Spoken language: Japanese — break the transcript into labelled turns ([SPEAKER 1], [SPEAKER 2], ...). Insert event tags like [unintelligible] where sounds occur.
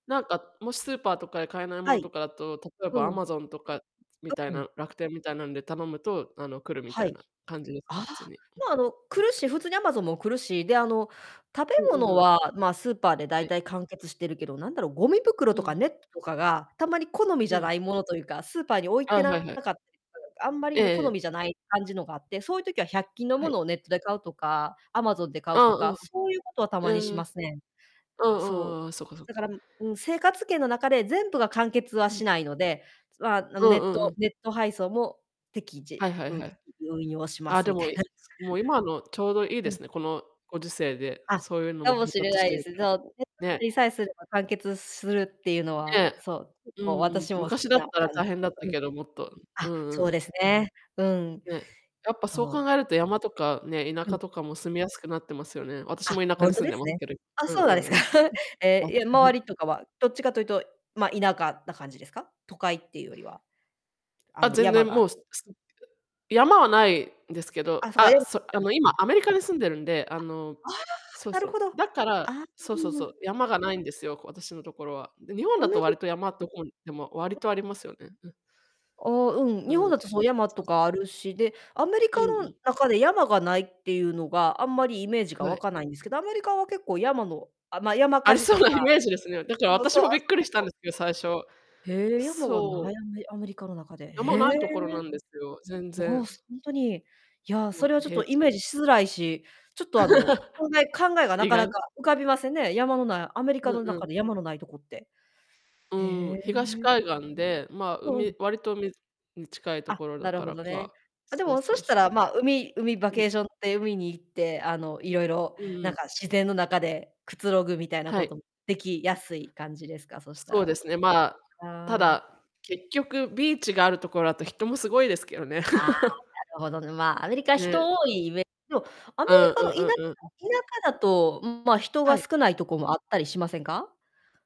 [SPEAKER 1] なんか、もしスーパーとかで買えないも
[SPEAKER 2] は
[SPEAKER 1] の
[SPEAKER 2] い。
[SPEAKER 1] とかだと、例え
[SPEAKER 2] う
[SPEAKER 1] ば、
[SPEAKER 2] ん。
[SPEAKER 1] Amazon とかみ
[SPEAKER 2] あ、
[SPEAKER 1] たい
[SPEAKER 2] うん。
[SPEAKER 1] な、楽天みたいなので頼むと、あの、来るみ
[SPEAKER 2] は
[SPEAKER 1] たい
[SPEAKER 2] い。
[SPEAKER 1] な感じですか？
[SPEAKER 2] ああ、
[SPEAKER 1] 普通に。
[SPEAKER 2] ま、あの、来るし、普通に、Amazon も来るし、で、あの、食べ
[SPEAKER 1] うんうん
[SPEAKER 2] 物
[SPEAKER 1] うん。
[SPEAKER 2] は、ま、スーパーで
[SPEAKER 1] は
[SPEAKER 2] 大
[SPEAKER 1] い。
[SPEAKER 2] 体完結してるけど、なんだろう、ゴミ袋
[SPEAKER 1] うん
[SPEAKER 2] と
[SPEAKER 1] う
[SPEAKER 2] か
[SPEAKER 1] ん。
[SPEAKER 2] ネットとかが、たまに好みじ
[SPEAKER 1] う
[SPEAKER 2] ゃ
[SPEAKER 1] ん。
[SPEAKER 2] ないものとゆうか、スーパーに置い
[SPEAKER 1] ああ、
[SPEAKER 2] て
[SPEAKER 1] はい
[SPEAKER 2] な
[SPEAKER 1] はい。
[SPEAKER 2] かったりとか、なんか、あんまり、
[SPEAKER 1] え
[SPEAKER 2] あ
[SPEAKER 1] え
[SPEAKER 2] の、
[SPEAKER 1] え
[SPEAKER 2] 好
[SPEAKER 1] え。
[SPEAKER 2] みじゃない感じのがあって、そういう時は百均の
[SPEAKER 1] は
[SPEAKER 2] も
[SPEAKER 1] い。
[SPEAKER 2] のをネットで買うとか、Amazon で買
[SPEAKER 1] あ
[SPEAKER 2] う
[SPEAKER 1] あ
[SPEAKER 2] と
[SPEAKER 1] あ
[SPEAKER 2] か、
[SPEAKER 1] あ。
[SPEAKER 2] そうゆうことはた
[SPEAKER 1] へえ。
[SPEAKER 2] まにしますね。
[SPEAKER 1] う
[SPEAKER 2] そう。
[SPEAKER 1] んうんうん、そっかそっか。
[SPEAKER 2] だから、ん、うん、生活圏の中で全部が完結は
[SPEAKER 1] うん。
[SPEAKER 2] しないので、まあ、あ、
[SPEAKER 1] う
[SPEAKER 2] ん、ネ
[SPEAKER 1] んう
[SPEAKER 2] ッ
[SPEAKER 1] んう
[SPEAKER 2] ト
[SPEAKER 1] ん。
[SPEAKER 2] ネット配送も、適
[SPEAKER 1] は
[SPEAKER 2] 時、
[SPEAKER 1] いはい
[SPEAKER 2] うん、
[SPEAKER 1] はい。
[SPEAKER 2] 運用しま
[SPEAKER 1] あ、
[SPEAKER 2] す
[SPEAKER 1] で
[SPEAKER 2] みた
[SPEAKER 1] も、
[SPEAKER 2] い
[SPEAKER 1] い
[SPEAKER 2] な。
[SPEAKER 1] もう、今のちょうどいい
[SPEAKER 2] う
[SPEAKER 1] で
[SPEAKER 2] ん。
[SPEAKER 1] すね、このご時世で、
[SPEAKER 2] あ、
[SPEAKER 1] そういうのも
[SPEAKER 2] か
[SPEAKER 1] 配
[SPEAKER 2] もしれ
[SPEAKER 1] 達し
[SPEAKER 2] ない
[SPEAKER 1] て
[SPEAKER 2] で
[SPEAKER 1] るか
[SPEAKER 2] す。そう、ネット
[SPEAKER 1] ら、ね。
[SPEAKER 2] ありさえすれば完結するってゆうのは、
[SPEAKER 1] ね、
[SPEAKER 2] そう、結
[SPEAKER 1] う
[SPEAKER 2] 構、
[SPEAKER 1] んうん、
[SPEAKER 2] 私も好
[SPEAKER 1] 昔
[SPEAKER 2] き
[SPEAKER 1] だっ
[SPEAKER 2] な
[SPEAKER 1] たら
[SPEAKER 2] 感じ。
[SPEAKER 1] 大変だった
[SPEAKER 2] うん。
[SPEAKER 1] けど、もっと、う
[SPEAKER 2] あ、
[SPEAKER 1] んう
[SPEAKER 2] そう
[SPEAKER 1] ん。
[SPEAKER 2] ですね、うん。
[SPEAKER 1] ね、やっぱそう
[SPEAKER 2] そ
[SPEAKER 1] 考
[SPEAKER 2] う。
[SPEAKER 1] えると山とかね、田
[SPEAKER 2] う
[SPEAKER 1] 舎
[SPEAKER 2] ん。
[SPEAKER 1] とかも住みやすくなってますよね。私
[SPEAKER 2] あ、
[SPEAKER 1] も田舎
[SPEAKER 2] ほ
[SPEAKER 1] に
[SPEAKER 2] んと
[SPEAKER 1] 住ん
[SPEAKER 2] で
[SPEAKER 1] で
[SPEAKER 2] す
[SPEAKER 1] ます
[SPEAKER 2] ね。
[SPEAKER 1] けど。
[SPEAKER 2] あ、
[SPEAKER 1] うん
[SPEAKER 2] そうなんで
[SPEAKER 1] う
[SPEAKER 2] すか。
[SPEAKER 1] んうん。
[SPEAKER 2] [chuckles] え
[SPEAKER 1] わ
[SPEAKER 2] え、いや周り
[SPEAKER 1] [chuckles]
[SPEAKER 2] とかは、どっちかというと、ま、田舎な感じですか？都会っていうよりは。あ
[SPEAKER 1] あ、
[SPEAKER 2] の、
[SPEAKER 1] 全
[SPEAKER 2] 山
[SPEAKER 1] 然
[SPEAKER 2] が、
[SPEAKER 1] も
[SPEAKER 2] あ
[SPEAKER 1] う、すすんてか、山はないんですけど、
[SPEAKER 2] あ、そか、え
[SPEAKER 1] あ、
[SPEAKER 2] ん
[SPEAKER 1] そあの、今、
[SPEAKER 2] [unintelligible]
[SPEAKER 1] アメリカに住んでるんで、あ
[SPEAKER 2] あ、
[SPEAKER 1] の
[SPEAKER 2] ああ！
[SPEAKER 1] そう
[SPEAKER 2] なる
[SPEAKER 1] そう、
[SPEAKER 2] ほど。
[SPEAKER 1] だから
[SPEAKER 2] あ、
[SPEAKER 1] そうそう
[SPEAKER 2] う
[SPEAKER 1] そ
[SPEAKER 2] ん。
[SPEAKER 1] う。山がないんですよ、こ私のところは。で、日本
[SPEAKER 2] ア
[SPEAKER 1] だ
[SPEAKER 2] メ
[SPEAKER 1] と、わ
[SPEAKER 2] リ
[SPEAKER 1] りと、山、どこにでもわり
[SPEAKER 2] [unintelligible]
[SPEAKER 1] とありますよね、うん。
[SPEAKER 2] ああ、うん、
[SPEAKER 1] う
[SPEAKER 2] 日本
[SPEAKER 1] ん。
[SPEAKER 2] だと、そう、山と
[SPEAKER 1] そ。
[SPEAKER 2] かあるし、で、アメリ
[SPEAKER 1] うん
[SPEAKER 2] カ
[SPEAKER 1] う
[SPEAKER 2] の
[SPEAKER 1] ん。
[SPEAKER 2] 中で山がないってゆうのが、あんまりイメージが
[SPEAKER 1] は
[SPEAKER 2] 湧
[SPEAKER 1] い。
[SPEAKER 2] かないんですけど、アメリカは結構山のあ、まあ、山
[SPEAKER 1] あ
[SPEAKER 2] 火
[SPEAKER 1] り
[SPEAKER 2] 事
[SPEAKER 1] そう
[SPEAKER 2] とか
[SPEAKER 1] なイメージですね。だから
[SPEAKER 2] そうそ
[SPEAKER 1] 私
[SPEAKER 2] う、あ、
[SPEAKER 1] もびっ
[SPEAKER 2] そ、
[SPEAKER 1] くりし
[SPEAKER 2] 結
[SPEAKER 1] たん
[SPEAKER 2] 構
[SPEAKER 1] ですけど、最初。
[SPEAKER 2] へえ、山が
[SPEAKER 1] そ
[SPEAKER 2] な
[SPEAKER 1] う。
[SPEAKER 2] いやんめアメリカの中で。
[SPEAKER 1] 山
[SPEAKER 2] へえ、
[SPEAKER 1] ないところなんですよ、全
[SPEAKER 2] まあ、
[SPEAKER 1] 然。
[SPEAKER 2] すほんとに。いや、
[SPEAKER 1] も
[SPEAKER 2] それ
[SPEAKER 1] う、
[SPEAKER 2] はちょっと
[SPEAKER 1] 平
[SPEAKER 2] イ
[SPEAKER 1] 地。
[SPEAKER 2] メージしづらいし、ちょっと、あの、
[SPEAKER 1] [laughs]
[SPEAKER 2] 考え考えがな
[SPEAKER 1] 意
[SPEAKER 2] かな
[SPEAKER 1] 外。
[SPEAKER 2] か浮かびませんね、山の無いアメリ
[SPEAKER 1] う
[SPEAKER 2] カ
[SPEAKER 1] ん
[SPEAKER 2] の
[SPEAKER 1] うん。
[SPEAKER 2] 中で山の無いとこって。
[SPEAKER 1] う
[SPEAKER 2] へ
[SPEAKER 1] ーん、東
[SPEAKER 2] え。
[SPEAKER 1] 海岸で、まあ、
[SPEAKER 2] うん。
[SPEAKER 1] 海わりと海に近いと
[SPEAKER 2] あ、
[SPEAKER 1] ころだ
[SPEAKER 2] なる
[SPEAKER 1] か
[SPEAKER 2] ほ
[SPEAKER 1] ら
[SPEAKER 2] どね。
[SPEAKER 1] か
[SPEAKER 2] あ、で
[SPEAKER 1] そう
[SPEAKER 2] もそ
[SPEAKER 1] そう
[SPEAKER 2] した
[SPEAKER 1] そう。
[SPEAKER 2] ら、まあ、海海、バ
[SPEAKER 1] うん。
[SPEAKER 2] ケーションって海に行って、あの、いろいろ
[SPEAKER 1] うんう
[SPEAKER 2] なん
[SPEAKER 1] ん。
[SPEAKER 2] か、自然の中でくつろぐみたいな
[SPEAKER 1] は
[SPEAKER 2] こ
[SPEAKER 1] い。
[SPEAKER 2] ともできやすい感じですか？そした
[SPEAKER 1] そう
[SPEAKER 2] ら。
[SPEAKER 1] ですね、まあ、た
[SPEAKER 2] ああ。
[SPEAKER 1] だ、結局、ビーチがあるところだと人もすごいですけどね。
[SPEAKER 2] ああ、な
[SPEAKER 1] [laughs]
[SPEAKER 2] るほど、ん、まあ、アメリカ、人
[SPEAKER 1] ね。
[SPEAKER 2] 多いイメでも、アメ
[SPEAKER 1] うん
[SPEAKER 2] リ
[SPEAKER 1] う
[SPEAKER 2] カの田舎
[SPEAKER 1] んうんうん。
[SPEAKER 2] 田舎だと、うん、ま、人
[SPEAKER 1] は
[SPEAKER 2] が
[SPEAKER 1] い。
[SPEAKER 2] 少ないとこもあったりしませんか？